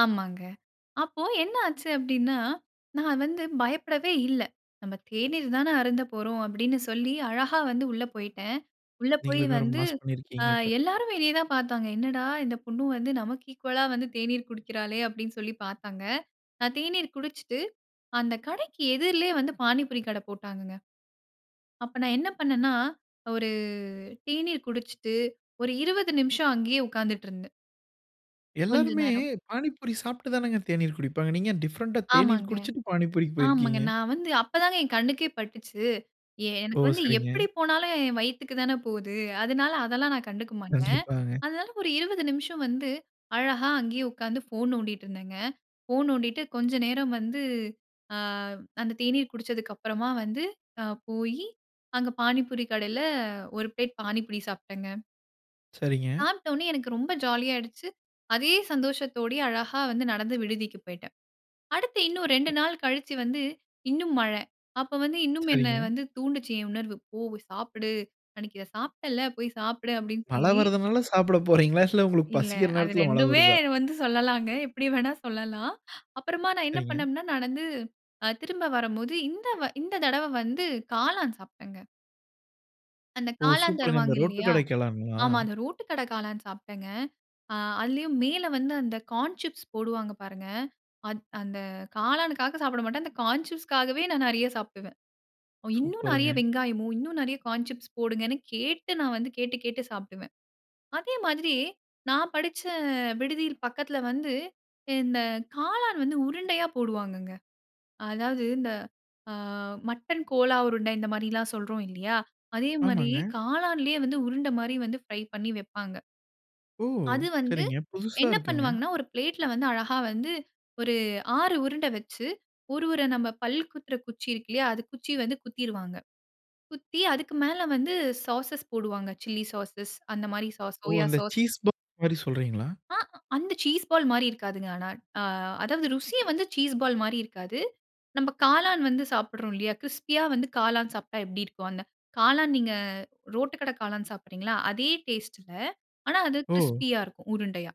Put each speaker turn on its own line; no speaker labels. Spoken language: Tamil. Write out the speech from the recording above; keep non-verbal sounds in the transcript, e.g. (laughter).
ஆமாங்க. அப்போ என்ன ஆச்சு அப்டின்னா, நான் வந்து பயப்படவே இல்ல. "நம்ம தேநீர் தானே அருந்த போறோம்." அப்டின்னு சொல்லி, அழகா வந்து உள்ள போயிட்டேன். உள்ள போய்
நீங்களுமே ஒரு
வந்து,
மாஸ்
ஆ
பண்ணியிருக்கீங்க, அப்ப.
எல்லாரும் வெளியே தான் பார்த்தாங்க, "என்னடா இந்த பொண்ணு வந்து, நமக்கு ஈக்குவலா வந்து தேநீர் குடிக்கிறாளே!" அப்டின்னு சொல்லி பார்த்தாங்க. நான் தேநீர் குடிச்சுட்டு, அந்த கடைக்கு எதிரிலயே வந்து பானிபூரி கடை போட்டாங்கங்க. அப்ப நான் என்ன பண்னேன்னா, ஒரு தேநீர் குடிச்சிட்டு, ஒரு 20 நிமிஷம் அங்கேயே உட்கார்ந்துட்டிருந்தேன். கொஞ்ச
எல்லாருமே
நேரம்.
பானிபூரி சாப்பிட்டு தானங்க தேநீர் குடிப்பாங்க. நீங்க ஏன் டிஃபரண்டா தேநீர்
ஆமாங்க.
குடிச்சுட்டு பானிபூரிக்கு
ஆமாங்க.
போயிருக்கிறீங்க?
நான் வந்து அப்பதாங்க என் கண்ணுக்கே பட்டுச்சு.
ஓ.
எனக்கு வந்து, எப்டி
சரிங்க.
போனாலும் என் வயித்துக்கு தான போகுது. அதனால அதெல்லாம் நான் கண்டுக்க மாட்டேன்.
கண்டிப்பாங்க.
அதனால, ஒரு 20 நிமிஷம் வந்து அழகா அங்கேயே உட்காந்து ஃபோன் நோண்டிட்டு இருந்தேங்க. ஃபோன் நோண்டிட்டு கொஞ்சம் நேரம் வந்து ஆ அந்த தேநீர் குடிச்சதுக்கப்புறமா வந்து ஆ போயி, அங்க பானிபூரி கடையில, ஒரு பிளேட் பானிபூரி சாப்பிட்டேங்க.
சரிங்க.
சாப்பிட்டோனே எனக்கு ரொம்ப ஜாலியாகிடுச்சு. அதே சந்தோஷத்தோடயே அழகா வந்து நடந்து விடுதிக்கு போயிட்டேன். அடுத்து இன்னும் 2
ம்.
நாள் கழிச்சு வந்து, இன்னும் மழை. அப்போ வந்து இன்னும் என்னை
சரிங்க.
வந்து தூண்டுச்சு, என் உணர்வு. "போ. சாப்பிடு. அன்னைக்கு இதை சாப்பிட்டேல்ல. போய் சாப்பிடு." அப்டின்னு
மழை
சொல்லி.
வர்றதனால சாப்பிட போறீர்களா? இல்லை, (chuckles) உங்களுக்கு
இல்ல.
பசிக்கிற
அது (chuckles)
நேரத்தில மழை
2
வருதா?
வந்து சொல்லலாங்க. எப்டி வேணா சொல்லலாம். அப்புறமா நான் என்ன
சரிங்க.
பண்ணேன்னா, நடந்து திரும்ப வரும்போது, இந்த வ இந்த தடவ வந்து காளான் சாப்பிட்டேன்ங்க. அந்த
ஓ!
காளான்
சூப்பர்ங்க. அந்த
தருவாங்க.
ரோட்டு
இல்லையா.
கடைக்கெல்லாங்களா?
ஆமா. அந்த ரோட்டு கடை காளான் சாப்பிட்டேங்க. ஆ அதுலயும் மேல வந்து அந்த கார்ன் சிப்ஸ் போடுவாங்க, பாருங்க. அது அந்த காளானுக்காக சாப்பிட மாட்டேன். அந்த கான் சிப்ஸுக்காகவே நான் நிறைய சாப்பிடுவேன். இன்னும் நிறைய
சூப்பருங்க.
வெங்காயமோ, இன்னும் நிறைய கார்ன் சிப்ஸ் போடுங்கன்னு கேட்டு நான் வந்து கேட்டு, கேட்டு சாப்டுவேன். அதே மாதிரி நான் படிச்ச விடுதியில, பக்கத்தில வந்து இந்த காளான் வந்து உருண்டையா போடுவாங்கங்க. அதாவது இந்த ஆ மட்டன் கோலா உருண்டை, இந்த மாரி எல்லாம் சொல்றோம் இல்லையா? அதே மாதிரி
ஆமாங்க.
காளானிலேயே வந்து உருண்டை மாதிரி வந்து பிரை பண்ணி வைப்பாங்க.
ஓ.
அது வந்து
சரிங்க. புதுசா
என்ன
இருக்குங்க.
பண்ணுவாங்கன்னா, ஒரு பிளேட்ல வந்து அழகா வந்து, ஒரு 6 உருண்ட வைத்து ஒரு உர நம்ப பல் குத்துற குச்சி இருக்கில்லயா அது குச்சி வந்து குத்திருவாங்க. குத்தி, அதுக்கு மேல வந்து சாஸஸ் போடுவாங்க. சில்லி சாஸ் அந்த மாதிரி சாஸ்,
ஓ!
சோயா
அந்த
சாஸ்.
சீஸ் பால் மாரி சொல்றீங்களா?
ஆ அந்த சீஸ் பால் மாரி இருக்காதுங்க. ஆனா. ஆ அதாவது ருசிய வந்து சீஸ் பால் மாரி இருக்காது. நம்ப காளான் வந்து சாப்பிடுறோம், இல்லையா? கிரிஸ்பியா வந்து காளான் சாப்பிட்டா, எப்பிடி இருக்கும்? அந்த காளான். நீங்க ரோட்டு கடை காளான் சாப்பிடுறீங்கல்ல, அதே டேஸ்ட்ல ஆனா, அது
ஓ.
கிரிஸ்பியா இருக்கும். உருண்டையா.